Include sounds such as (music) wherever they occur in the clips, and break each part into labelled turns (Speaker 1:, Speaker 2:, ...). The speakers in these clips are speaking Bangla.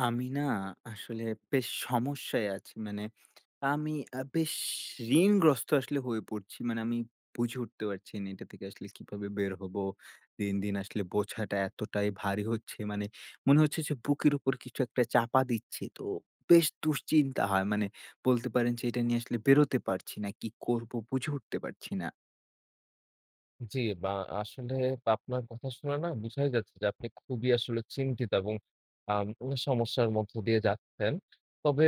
Speaker 1: আমি না আসলে বেশ সমস্যায় আছি। মানে আমি আ বেশ ঋণগ্রস্ত আসলে হয়ে পড়ছি। মানে আমি বুঝে উঠতে পারছি না এটা থেকে আসলে কিভাবে বের হবো। দিন, দিন আসলে বোঝাটা এতটাই ভারী হচ্ছে মানে মনে হচ্ছে যে বুকের উপর কিছু একটা চাপা দিচ্ছে তো বেশ দুশ্চিন্তা হয়। মানে বলতে পারেন যে এটা নিয়ে আসলে বেরোতে পারছি না। কি করবো বুঝে উঠতে পারছি না।
Speaker 2: জি। বা আসলে আপনার কথা শুনে না বুঝায় যাচ্ছে যে আপনি খুবই আসলে চিন্তিত এবং আম (unintelligible) সমস্যার মধ্য দিয়ে যাচ্ছেন। তবে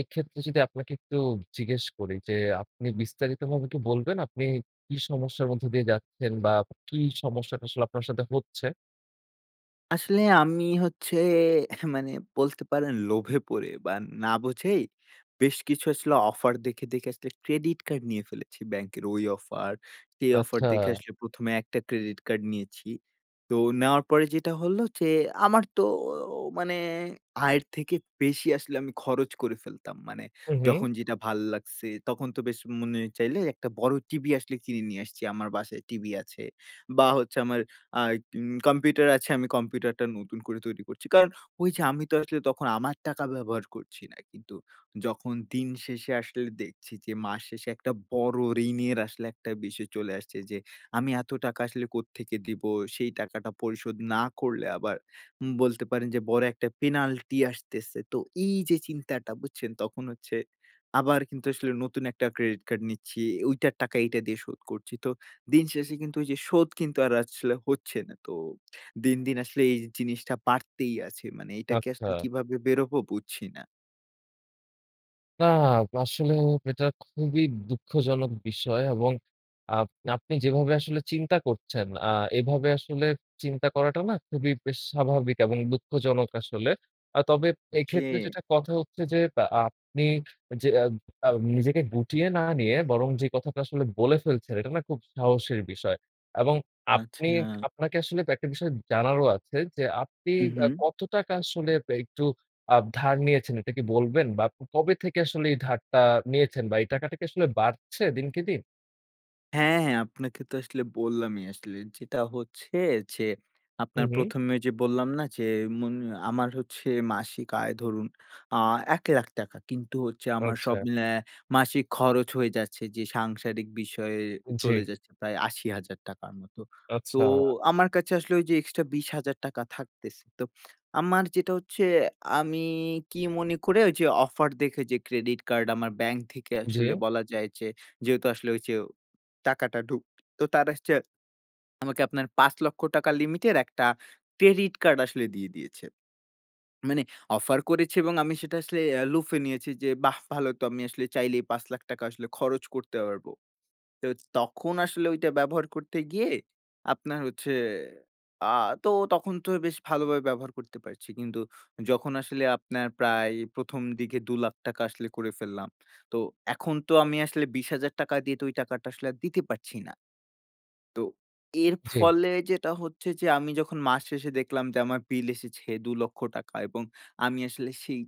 Speaker 2: এক্ষেত্রে যদি আপনাকে একটু জিজ্ঞেস করি যে আপনি বিস্তারিতভাবে কি বলবেন আপনি কী সমস্যার মধ্য দিয়ে যাচ্ছেন বা কী সমস্যাটা আসলে আপনার সাথে হচ্ছে?
Speaker 1: আসলে আমি হচ্ছে মানে বলতে পারেন লোভে পড়ে বা না বুঝেই বেশ কিছু আসলে offer দেখে, দেখে আসলে credit card নিয়ে ফেলেছি। ব্যাংকের ওই offer, সেই offer দেখে
Speaker 2: আচ্ছা।
Speaker 1: আসলে ১ম এ একটা credit card নিয়েছি। তো নেওয়ার পরে যেইটা হলো যে আমার তো ও মানে আয়ের থেকে বেশি আসলে আমি খরচ করে ফেলতাম। মানে
Speaker 2: হুম, হুম।
Speaker 1: যখন যেটা ভাল লাগছে, তখন তো বেশ মনে চাইলে একটা বড় TV আসলে কিনে নিয়ে আসছি আমার বাসায় TV আছে। বা হচ্ছে আমার আ উম computer আছে আমি computer-টা নতুন করে তৈরি করছি। কারণ ওই যে আমি তো আসলে তখন আমার টাকা ব্যবহার করছি না। কিন্তু যখন দিন শেষে আসলে দেখছি যে মাস শেষে একটা বড় ঋণের আসলে একটা বিষয় চলে আসছে যে আমি এত টাকা আসলে কোত্থেকে দিব? সেই টাকাটা পরিশোধ না করলে আবার উম বলতে পারেন যে বড় একটা penalty আসতেছে। তো এই যে চিন্তাটা বুঝছেন? তখন হচ্ছে আবার কিন্তু আসলে নতুন একটা credit card নিচ্ছি, ওইটার টাকা এইটা দিয়ে শোধ করছি। তো দিন শেষে কিন্তু ওই যে শোধ কিন্তু আর আসলে হচ্ছে না। তো দিন, দিন আসলে এই জিনিসটা বাড়তেই আছে। মানে এটা থেকে
Speaker 2: আচ্ছা।
Speaker 1: আসলে কিভাবে বের হবো বুঝছি না?
Speaker 2: নাহ, আসলে এটা খুবই দুঃখজনক বিষয় এবং আপ আপনি যেভাবে আসলে চিন্তা করছেন আ এভাবে আসলে চিন্তা করাটাও না খুবই বেশ স্বাভাবিক এবং দুঃখজনক আসলে। আ তবে এক্ষেত্রে
Speaker 1: জি।
Speaker 2: যেটা কথা হচ্ছে যে অ্যা আপনি যে এ আ নিজেকে গুটিয়ে না নিয়ে বরং যে কথাটা আসলে বলে ফেলছেন, এটা না খুব সাহসের বিষয়। এবং আপনি
Speaker 1: আচ্ছা।
Speaker 2: আপনাকে আসলে একটা বিষয় জানারও আছে যে আপনি
Speaker 1: হুম,
Speaker 2: অ্যা
Speaker 1: হুম।
Speaker 2: কত টাকা আসলে একটু আপ ধার নিয়েছেন এটা কি বলবেন? বা ক কবে থেকে আসলে এই ধারটা নিয়েছেন বা এই টাকাটা কি আসলে বাড়ছে দিনকে দিন?
Speaker 1: হ্যাঁ, হ্যাঁ। আপনাকে তো আসলে বললামই। আসলে যেটা হচ্ছে যে
Speaker 2: হুম,
Speaker 1: আপনার
Speaker 2: হুম।
Speaker 1: ১ম এ যে বললাম না যে মুন আমার হচ্ছে মাসিক আয় ধরুন আ ৳১,০০,০০০ টাকা। কিন্তু হচ্ছে আমার সব
Speaker 2: আচ্ছা।
Speaker 1: মিলায়া মাসিক খরচ হয়ে যাচ্ছে যে সাংসারিক বিষয়ে
Speaker 2: উম জি।
Speaker 1: চলে যাচ্ছে প্রায় ৳৮০,০০০ র মতো। তো
Speaker 2: আচ্ছা।
Speaker 1: আমার কাছে আসলে ওই যে extra ৳২০,০০০ থাকতেছে। তো আমার যেটা হচ্ছে আমি কি মনে করে ওই যে offer দেখে যে credit card আমার bank থেকে
Speaker 2: জি।
Speaker 1: আসলে বলা যায় যে যেহেতু আসলে ওই যে টাকাটা ঢুকতো, তারা আসছে আ আমাকে আপনার ৳৫,০০,০০০ limit এর একটা credit card আসলে দিয়ে দিয়েছে। মানে offer করেছে এবং আমি সেটা আসলে অ্যা লুফে নিয়েছি যে বাহ! ভালো তো আমি আসলে চাইলেই ৳৫,০০,০০০ আসলে খরচ করতে পারবো। তো তখন আসলে ওইটা ব্যবহার করতে গিয়ে আপনার হচ্ছে আ তো তখন তো বেশ ভালোভাবে ব্যবহার করতে পারছি। কিন্তু যখন আসলে আপনার প্রায় ১ম দিকে ৳২,০০,০০০ আসলে করে ফেললাম। তো এখন তো আমি আসলে ৳২০,০০০ দিয়ে তো ওই টাকাটা আসলে আর দিতে পারছি না। তো এর
Speaker 2: জি।
Speaker 1: ফলে যেটা হচ্ছে যে আমি যখন মাস শেষে দেখলাম যে আমার bill এসেছে ৳২,০০,০০০ এবং আমি আসলে সেই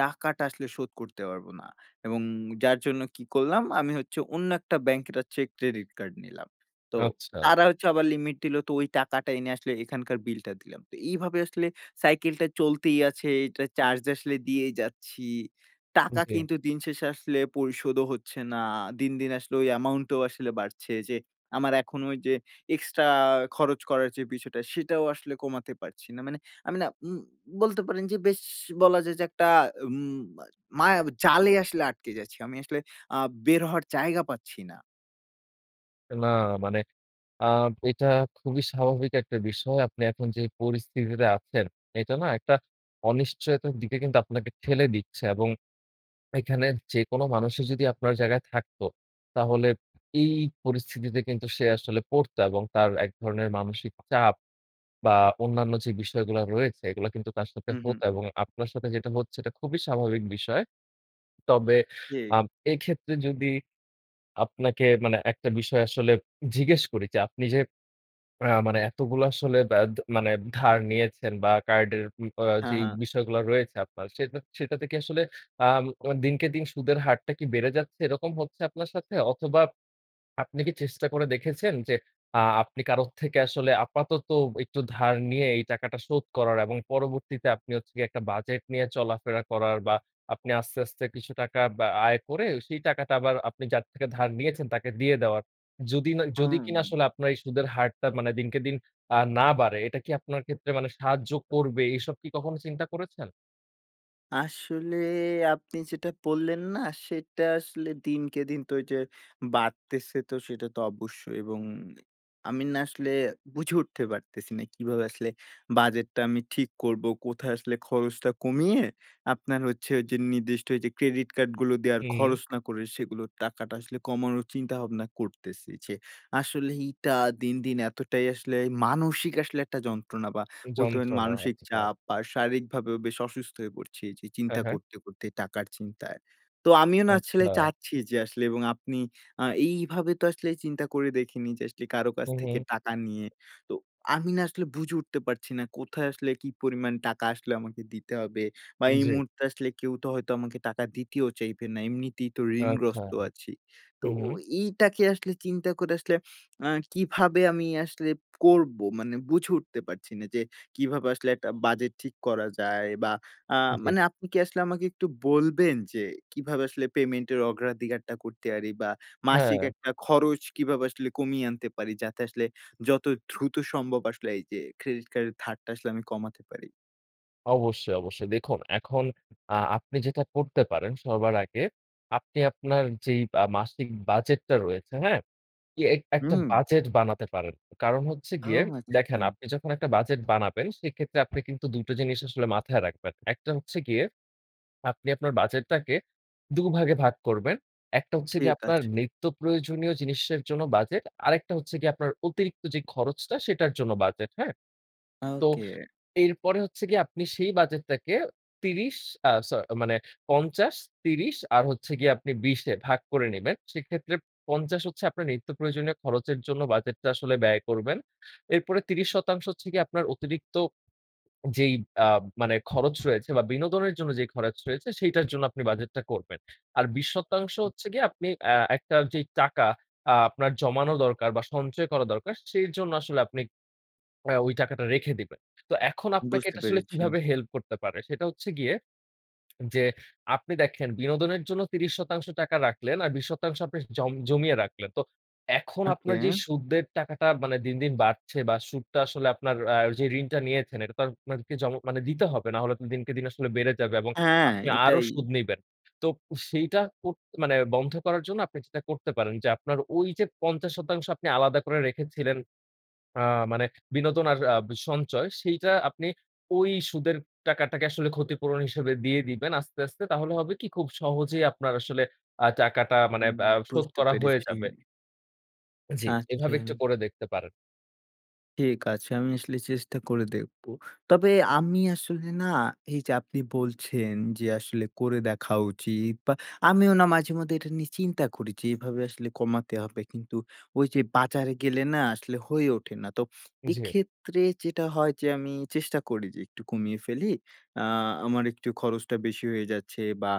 Speaker 1: টাকাটা আসলে শোধ করতে পারবো না। এবং যার জন্য কি করলাম? আমি হচ্ছে অন্য একটা bank একটা check credit card নিলাম। তো
Speaker 2: আচ্ছা।
Speaker 1: তারা হচ্ছে আবার limit দিলো। তো ওই টাকাটা এনে আসলে এখানকার bill টা দিলাম। তো এইভাবে আসলে cycle টা চলতেই আছে, এইটার charge আসলে দিয়েই যাচ্ছি।
Speaker 2: উম
Speaker 1: টাকা
Speaker 2: জি।
Speaker 1: কিন্তু দিন শেষে আসলে পরিশোধও হচ্ছে না। দিন, দিন আসলে ওই amount ও আসলে বাড়ছে যে আমার এখন ওই যে extra খরচ করার যে বিষয়টা, সেটাও আসলে কমাতে পারছি না। মানে আমি না উম বলতে পারেন যে বেশ বলা যায় যে একটা উম মা মায়াজালে আসলে আটকে যাচ্ছি। আমি আসলে আ বের হওয়ার জায়গা পাচ্ছি না।
Speaker 2: না মানে আ এটা খুবই স্বাভাবিক একটা বিষয়। আপনি এখন যে পরিস্থিতিতে আছেন এটা না একটা অনিশ্চয়তার দিকে কিন্তু আপনাকে ঠেলে দিচ্ছে। এবং এখানে যেকোনো মানুষই যদি আপনার জায়গায় থাকতো তাহলে এই পরিস্থিতিতে কিন্তু সে আসলে পড়তো এবং তার এক ধরনের মানসিক চাপ বা অন্যান্য যে বিষয়গুলা রয়েছে এগুলা কিন্তু তার সাথে
Speaker 1: হুম, হুম।
Speaker 2: হতো এবং আপনার সাথে যেটা হচ্ছে এটা খুবই স্বাভাবিক বিষয়। তবে
Speaker 1: ঠিক।
Speaker 2: আ এক্ষেত্রে যদি আপনাকে মানে একটা বিষয় আসলে জিজ্ঞেস করি যে আপনি যে আ মানে এতগুলো আসলে ব্যা দা মানে ধার নিয়েছেন বা কার্ডের উ আ
Speaker 1: হ্যাঁ,
Speaker 2: যেই
Speaker 1: হ্যাঁ।
Speaker 2: বিষয়গুলা রয়েছে আপনার সেটা সেটা থেকে আসলে আ মু দিনকে দিন সুদের হারটা কি বেড়ে যাচ্ছে? এরকম হচ্ছে আপনার সাথে? অথবা আপনি কি চেষ্টা করে দেখেছেন যে আ আপনি কারো থেকে আসলে আপাতত একটু ধার নিয়ে এই টাকাটা শোধ করার এবং পরবর্তীতে আপনি হচ্ছে গিয়ে একটা বাজেট নিয়ে চলাফেরা করার বা আপনি আস্তে, আস্তে, কিছু টাকা বা আয় করে সেই টাকাটা আবার আপনি যার থেকে ধার নিয়েছেন তাকে দিয়ে দেওয়ার। যদি না যদি
Speaker 1: হুম,
Speaker 2: কিনা
Speaker 1: হুম।
Speaker 2: আসলে আপনার এই সুদের হারটা মানে দিনকে দিন আ না বাড়ে এটা কি আপনার ক্ষেত্রে মানে সাহায্য করবে? এসব কি কখনো চিন্তা করেছেন?
Speaker 1: আসলে আপনি যেটা বললেন না সেটা আসলে দিনকে দিন তো এই যে বাড়তেছে। তো সেটা তো অবশ্যই এবং আমি না আসলে বুঝে উঠতে পারতেছি না। কিভাবে আসলে budget টা আমি ঠিক করবো। কোথায় আসলে খরচটা কমিয়ে আপনার হচ্ছে যে নির্দিষ্ট যে credit card গুলো দেয়ার
Speaker 2: হুম।
Speaker 1: খরচ না করে সেগুলোর টাকাটা আসলে কমানোর চিন্তাভাবনা করতেছি। যে আসলে এইটা দিন, দিন এতটাই আসলে মানসিক আসলে একটা যন্ত্রণা। বা বলতে পারেন
Speaker 2: যন্ত্রনা
Speaker 1: মানসিক
Speaker 2: হচ্ছে হ্যাঁ।
Speaker 1: চাপ বা শারীরিকভাবেও বেশ অসুস্থ হয়ে পড়ছি। এই যে
Speaker 2: হ্যাঁ,
Speaker 1: চিন্তা
Speaker 2: হ্যাঁ।
Speaker 1: করতে, করতে টাকার চিন্তায়। তো আমিও না আসলে
Speaker 2: আচ্ছা।
Speaker 1: চাচ্ছি যে আসলে এবং আপনি আ এইভাবে তো আসলে চিন্তা করে দেখিনি। যে আসলে কারো কাছ
Speaker 2: হুম,
Speaker 1: থেকে
Speaker 2: হুম।
Speaker 1: টাকা নিয়ে। তো আমি না আসলে বুঝে উঠতে পারছি না। কোথায় আসলে কি পরিমাণ টাকা আসলে আমাকে দিতে হবে। বা এই
Speaker 2: জি।
Speaker 1: মুহূর্তে আসলে কেউ তো হয়তো আমাকে টাকা দিতেও চাইবে না। এমনিতেই তো
Speaker 2: আচ্ছা।
Speaker 1: ঋণগ্রস্ত আছি। তো
Speaker 2: হুম,
Speaker 1: ও
Speaker 2: হুম।
Speaker 1: এইটাকে আসলে চিন্তা করে আসলে আ কিভাবে আমি আসলে করবো? মানে বুঝে উঠতে পারছি না যে কিভাবে আসলে একটা budget ঠিক করা যায় বা আ
Speaker 2: জি।
Speaker 1: মানে আপনি কি আসলে আমাকে একটু বলবেন? যে কিভাবে আসলে payment এর অগ্রাধিকারটা করতে পারি? বা মাসিক
Speaker 2: হ্যাঁ।
Speaker 1: একটা খরচ কিভাবে আসলে কমিয়ে আনতে পারি? যাতে আসলে যত দ্রুত সম্ভব আসলে এই যে credit card এর ধারটা আসলে আমি কমাতে পারি।
Speaker 2: অবশ্যই, অবশ্যই দেখুন, এখন আ আপনি যেটা করতে পারেন, সবার আগে আপনি আপনার যেই আ মাসিক বাজেটটা রয়েছে, হ্যাঁ? ইয়ে এক একটা
Speaker 1: হুম।
Speaker 2: বাজেট বানাতে পারেন। কারণ হচ্ছে
Speaker 1: ও
Speaker 2: গিয়ে দেখেন,
Speaker 1: আচ্ছা।
Speaker 2: আপনি যখন একটা বাজেট বানাবেন সেক্ষেত্রে আপনি কিন্তু দুটো জিনিস আসলে মাথায় রাখবেন। একটা হচ্ছে গিয়ে, আপনি আপনার বাজেটটাকে দু'ভাগে ভাগ করবেন। একটা হচ্ছে গিয়ে
Speaker 1: ঠিক
Speaker 2: আপনার
Speaker 1: আছে।
Speaker 2: নিত্যপ্রয়োজনীয় জিনিসের জন্য বাজেট, আরেকটা হচ্ছে গিয়ে আপনার অতিরিক্ত যে খরচটা সেটার জন্য বাজেট, হ্যাঁ? তো,
Speaker 1: ওকে।
Speaker 2: এরপরে হচ্ছে গিয়ে আপনি সেই বাজেটটাকে ৩০ আ স মানে ৫০, ৩০ আর হচ্ছে গিয়ে আপনি ২০ এ ভাগ করে নেবেন। সেক্ষেত্রে ৫০ হচ্ছে আপনার নিত্যপ্রয়োজনীয় খরচের জন্য বাজেটটা আসলে ব্যয় করবেন। এরপরে ৩০% হচ্ছে গিয়ে আপনার অতিরিক্ত যেই আ মানে খরচ রয়েছে বা বিনোদনের জন্য যে খরচ রয়েছে সেইটার জন্য আপনি বাজেটটা করবেন। আর ২০% হচ্ছে গিয়ে আপনি অ্যা একটা যে টাকা আ আপনার জমানো দরকার বা সঞ্চয় করা দরকার সেই জন্য আসলে আপনি অ্যা ওই টাকাটা রেখে দিবেন। তো এখন আপনাকে
Speaker 1: বুঝতে
Speaker 2: এটা আসলে
Speaker 1: পেরেছি।
Speaker 2: কিভাবে help করতে পারে? সেটা হচ্ছে গিয়ে যে, আপনি দেখেন বিনোদনের জন্য ৩০% রাখলেন আর ২০% আপনি জম জমিয়ে রাখলেন। তো এখন
Speaker 1: ওকে।
Speaker 2: আপনার যেই সুদের টাকাটা মানে দিন, দিন বাড়ছে বা সুদটা আসলে আপনার আ যে ঋণটা নিয়েছেন এটা তো আর আপনাকে জম মানে দিতে হবে না হলে তো দিনকে দিন আসলে বেড়ে যাবে এবং
Speaker 1: হ্যাঁ,
Speaker 2: আপনি আরও
Speaker 1: এটাই।
Speaker 2: সুদ নিবেন। তো সেইটা কো মানে বন্ধ করার জন্য আপনি যেটা করতে পারেন যে, আপনার ওই যে ৫০% আপনি আলাদা করে রেখেছিলেন আ মানে বিনোদন আর আব সঞ্চয় সেইটা আপনি ওই সুদের টাকাটাকে আসলে ক্ষতিপূরণ হিসেবে দিয়ে দিবেন আস্তে, আস্তে তাহলে হবে কি, খুব সহজেই আপনার আসলে আ টাকাটা মানে
Speaker 1: হুম,
Speaker 2: আ শোধ
Speaker 1: বুঝতে
Speaker 2: করা হয়ে
Speaker 1: পেরেছি।
Speaker 2: যাবে। জি, এভাবে একটু
Speaker 1: আচ্ছা।
Speaker 2: করে দেখতে পারেন।
Speaker 1: ঠিক আছে। আমি আসলে চেষ্টা করে দেখবো। তবে আমি আসলে না, এই যে আপনি বলছেন যে আসলে করে দেখা উচিত। বা আমিও না মাঝেমধ্যে এটা নিয়ে চিন্তা করি যে এভাবে আসলে কমাতে হবে। কিন্তু ঐ যে বাজারে গেলে না আসলে হয়ে ওঠে না। তো
Speaker 2: জি।
Speaker 1: এক্ষেত্রে যেটা হয় যে আমি চেষ্টা করি যে একটু কমিয়ে ফেলি, আ আমার একটু খরচটা বেশি হয়ে যাচ্ছে বা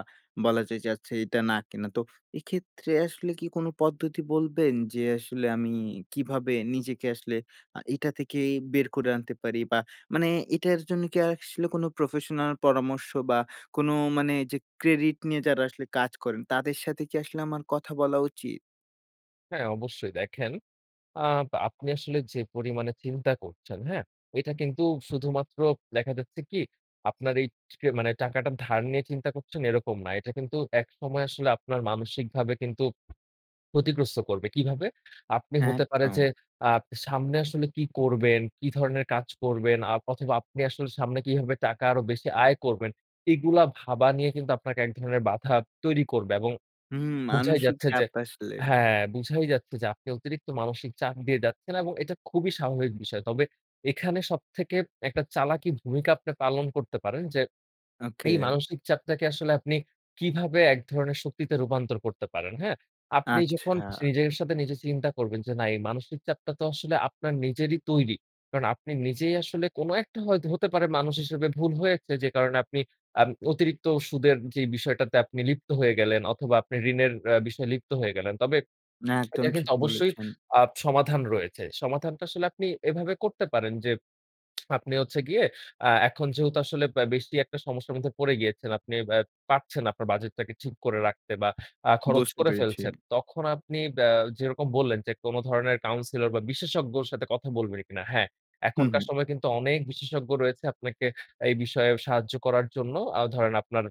Speaker 1: বলা যায় যাচ্ছে এইটা না কেনা। তো এক্ষেত্রে আসলে কি কোনো পদ্ধতি বলবেন যে আসলে আমি কিভাবে নিজেকে আসলে আ এইটা থেকে ই বের করে আনতে পারি? বা মানে এটার জন্য কি আসলে কোনো professional পরামর্শ বা কোনো মানে যে credit নিয়ে যারা আসলে কাজ করেন, তাদের সাথে কি আসলে আমার কথা বলা উচিত?
Speaker 2: হ্যাঁ, অবশ্যই। দেখেন, আ বা আপনি আসলে যে পরিমাণে চিন্তা করছেন, হ্যাঁ? এটা কিন্তু শুধুমাত্র দেখা যাচ্ছে কি, আপনার এই টে এই মানে টাকাটা ধার নিয়ে চিন্তা করছেন এরকম না। এটা কিন্তু একসময় আসলে আপনার মানসিকভাবে কিন্তু ক্ষতিগ্রস্ত করবে। কিভাবে? আপনি হতে পারে যে
Speaker 1: একদম।
Speaker 2: আপনি আ সামনে আসলে কি করবেন, কি ধরনের কাজ করবেন আ অথবা আপনি আসলে সামনে কিভাবে টাকা আরও বেশি আয় করবেন, এগুলা ভাবা নিয়ে কিন্তু আপনাকে এক ধরনের বাধা তৈরি করবে। এবং
Speaker 1: হুম,
Speaker 2: বুঝাই
Speaker 1: মানসিক
Speaker 2: যাচ্ছে যে
Speaker 1: চাপ আসলে।
Speaker 2: হ্যাঁ, বুঝাই যাচ্ছে যে আপনি অতিরিক্ত মানসিক চাপ দিয়ে যাচ্ছেন এবং এটা খুবই স্বাভাবিক বিষয়। তবে এখানে সব থেকে একটা চালাকি ভূমিকা আপনি পালন করতে পারেন যে (swallows) এই
Speaker 1: Ok.
Speaker 2: মানসিক চাপটাকে আসলে আপনি কিভাবে এক ধরনের শক্তিতে রূপান্তর করতে পারেন, হ্যাঁ? আপনি যখন
Speaker 1: আচ্ছা।
Speaker 2: নিজের সাথে নিজে চিন্তা করবেন যে না এই মানসিক চাপটা তো আসলে আপনার নিজেরই তৈরি। কারণ আপনি নিজেই আসলে কোনো একটা হয়তো হতে পারে মানুষ হিসেবে ভুল হয়েছে যে কারণে আপনি আ অতিরিক্ত সুদের যেই বিষয়টাতে আপনি লিপ্ত হয়ে গেলেন অথবা আপনি ঋণের অ্যা বিষয়ে লিপ্ত হয়ে গেলেন। তবে
Speaker 1: না, একদম
Speaker 2: এটা কিন্তু
Speaker 1: ঠিক
Speaker 2: অবশ্যই
Speaker 1: বলেছেন।
Speaker 2: আ সমাধান রয়েছে। সমাধানটা আসলে আপনি এভাবে করতে পারেন। যে (smacks lips) আপনি হচ্ছে গিয়ে আ এখন যেহেতু আসলে ব্য বেশি একটা সমস্যার মধ্যে পড়ে গিয়েছেন, আপনি অ্যা পারছেন না আপনার বাজেটটাকে ঠিক করে রাখতে বা আ খরচ
Speaker 1: বুঝতে
Speaker 2: করে
Speaker 1: পেরেছি।
Speaker 2: ফেলছেন। তখন আপনি ব্য যেরকম বললেন যে কোনো ধরনের counselor বা বিশেষজ্ঞর সাথে কথা বলবেন কিনা? হ্যাঁ।
Speaker 1: হুম,
Speaker 2: এখনকার
Speaker 1: হুম।
Speaker 2: সময়ে কিন্তু অনেক বিশেষজ্ঞ রয়েছে আপনাকে এই বিষয়ে সাহায্য করার জন্য। আ ধরেন আপনার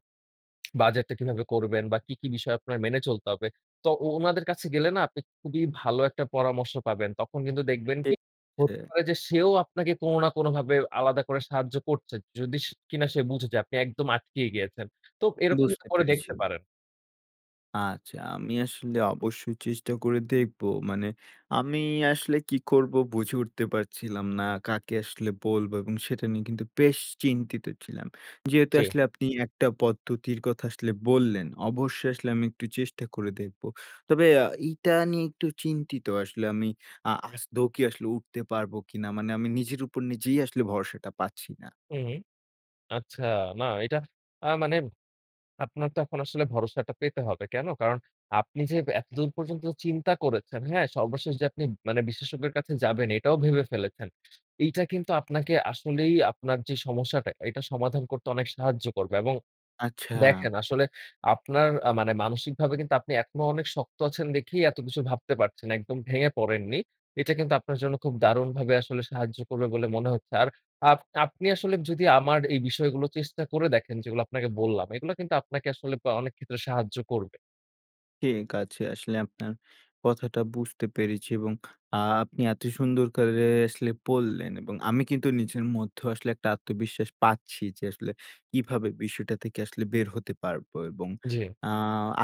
Speaker 2: (smacks lips) বাজেটটা কিভাবে করবেন বা কি, কি বিষয়ে আপনার মেনে চলতে হবে? তো ও ওনাদের কাছে গেলে না আপনি খুবই ভালো একটা পরামর্শ পাবেন। তখন কিন্তু দেখবেন
Speaker 1: ঠিক
Speaker 2: কি,
Speaker 1: আছে।
Speaker 2: হতে পারে যে সেও আপনাকে কোনো না কোনভাবে আলাদা করে সাহায্য করছে। যদি কিনা সে বুঝে যে আপনি একদম আটকিয়ে গিয়েছেন। তো এরকম কিন্তু
Speaker 1: বুঝতে
Speaker 2: করে
Speaker 1: পেরেছি।
Speaker 2: দেখতে পারেন।
Speaker 1: আচ্ছা। আমি আসলে অবশ্যই চেষ্টা করে দেখবো। মানে আমি আসলে কি করবো বুঝে উঠতে পারছিলাম না। কাকে আসলে বলবো এবং সেটা নিয়ে কিন্তু বেশ চিন্তিত ছিলাম। যেহেতু
Speaker 2: জি।
Speaker 1: আসলে আপনি একটা পদ্ধতির কথা আসলে বললেন, অবশ্যই আসলে আমি একটু চেষ্টা করে দেখবো। তবে অ্যা এইটা নিয়ে একটু চিন্তিত আসলে আমি। আ আদৌ আসলে উঠতে পারবো কিনা? মানে আমি নিজের উপর নিজেই আসলে ভরসাটা পাচ্ছি না।
Speaker 2: হুম, হুম। আচ্ছা, না এইটা আ মানে আপনার তখন আসলে ভরসাটা পেতে হবে। কেন? কারণ আপনি যে এতদূর পর্যন্ত চিন্তা করেছেন, হ্যাঁ? সর্বশেষ যে আপনি মানে বিশেষজ্ঞের কাছে যাবেন এটাও ভেবে ফেলেছেন। এইটা কিন্তু আপনাকে আসলেই আপনার যে সমস্যাটা এটা সমাধান করতে অনেক সাহায্য করবে। এবং
Speaker 1: আচ্ছা।
Speaker 2: দেখেন আসলে আপনার আ মানে মানসিকভাবে কিন্তু আপনি এখনো অনেক শক্ত আছেন দেখেই এত কিছু ভাবতে পারছেন, একদম ভেঙে পড়েননি। এটা কিন্তু আপনার জন্য খুব দারুণভাবে আসলে সাহায্য করবে বলে মনে হচ্ছে। আর আপ আপনি আসলে যদি আমার এই বিষয়গুলো চেষ্টা করে দেখেন যেগুলা আপনাকে বললাম, এইগুলা কিন্তু আপনাকে আসলে আ অনেক ক্ষেত্রে সাহায্য করবে।
Speaker 1: ঠিক আছে। আসলে আপনার কথাটা বুঝতে পেরেছি এবং আ আপনি এত সুন্দর করে আসলে বললেন। এবং আমি কিন্তু নিজের মধ্যেও আসলে একটা আত্মবিশ্বাস পাচ্ছি যে আসলে কিভাবে বিষয়টা থেকে আসলে বের হতে পারবো। এবং
Speaker 2: জি।
Speaker 1: আ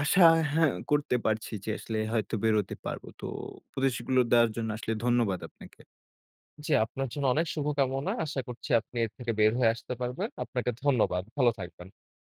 Speaker 1: আশা হ্যাঁ, করতে পারছি যে আসলে হয়তো বের হতে পারবো। তো উপদেশগুলো দেওয়ার জন্য আসলে ধন্যবাদ আপনাকে।
Speaker 2: জি, আপনার জন্য অনেক শুভকামনা। আশা করছি আপনি এর থেকে বের হয়ে আসতে পারবেন। আপনাকে ধন্যবাদ। ভালো থাকবেন।